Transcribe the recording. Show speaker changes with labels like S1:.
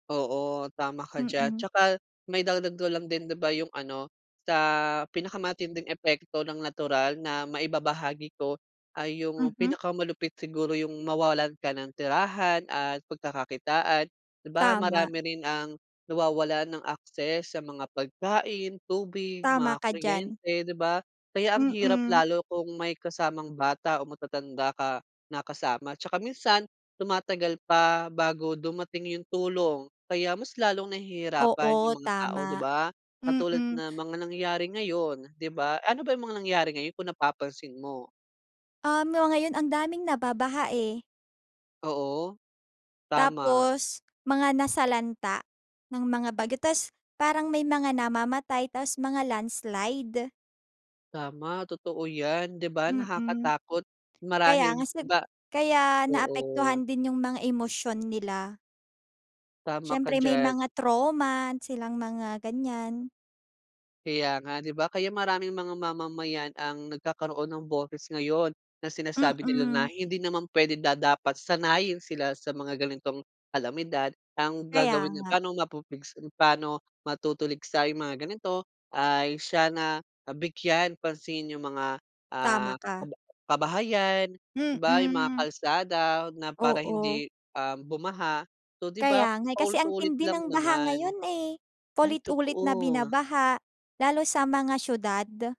S1: Oo, tama ka diyan
S2: Mm.
S1: tsaka maidagdag ko lang din, di ba yung ano, sa pinakamatinding epekto ng natural na maibabahagi ko ay yung
S2: Mhm.
S1: pinakamalupit siguro yung mawalan ka ng tirahan at pagkakakitaan. Di ba
S2: Tama.
S1: marami rin ang nawawalan ng access sa mga pagkain, tubig,
S2: Tama
S1: mga
S2: ka diyan.
S1: kuryente, di ba? Kaya ang hirap
S2: Mm.
S1: lalo kung may kasamang bata o matatanda ka na kasama at tsaka minsan tumatagal pa bago dumating yung tulong, kaya mas lalong nahihirapan
S2: Oo,
S1: yung mga tao, di
S2: tama.
S1: ba? Katulad
S2: Mm.
S1: na mga nangyari ngayon, di ba? Ano ba yung mga nangyari ngayon kung napapansin mo?
S2: Um, 'no ngayon ang daming nababaha, eh.
S1: Oo. Tama.
S2: Tapos mga nasalanta ng mga bagyo, tas parang may mga namamatay, tapos mga landslide.
S1: Tama, totoo yan. Di ba
S2: Mm.
S1: nakakatakot?
S2: Kaya
S1: Marahil
S2: nga
S1: di
S2: sig
S1: ba
S2: kaya
S1: oo.
S2: naapektuhan din yung mga emosyon nila.
S1: Tama ka
S2: Siyempre may
S1: diyan.
S2: mga trauma na silang mga ganyan.
S1: Kaya nga, di ba? Kaya maraming mga mamamayan ang nagkakaroon ng boses ngayon na sinasabi nila na
S2: Mm.
S1: hindi naman pwede, da dapat sanayin sila sa mga ganitong kalamidad. Ang
S2: Kaya
S1: gagawin ay
S2: nga.
S1: pa'no mapupuligsa paano matutuligsa yung mga ganito, ay siya na nabigyan pansin yung mga, ah,
S2: Tama ka.
S1: kaba kabahayan. Di ba yung mga
S2: Mm.
S1: kalsada na para
S2: Oo.
S1: hindi, um, bumaha. So, di ba
S2: Kaya nga, eh. Kasi ang
S1: paulit-ulit
S2: tindi
S1: lang
S2: ng baha
S1: naman.
S2: ngayon, eh.
S1: Ay
S2: Puulit-ulit na
S1: totoo.
S2: binabaha lalo sa mga siyudad.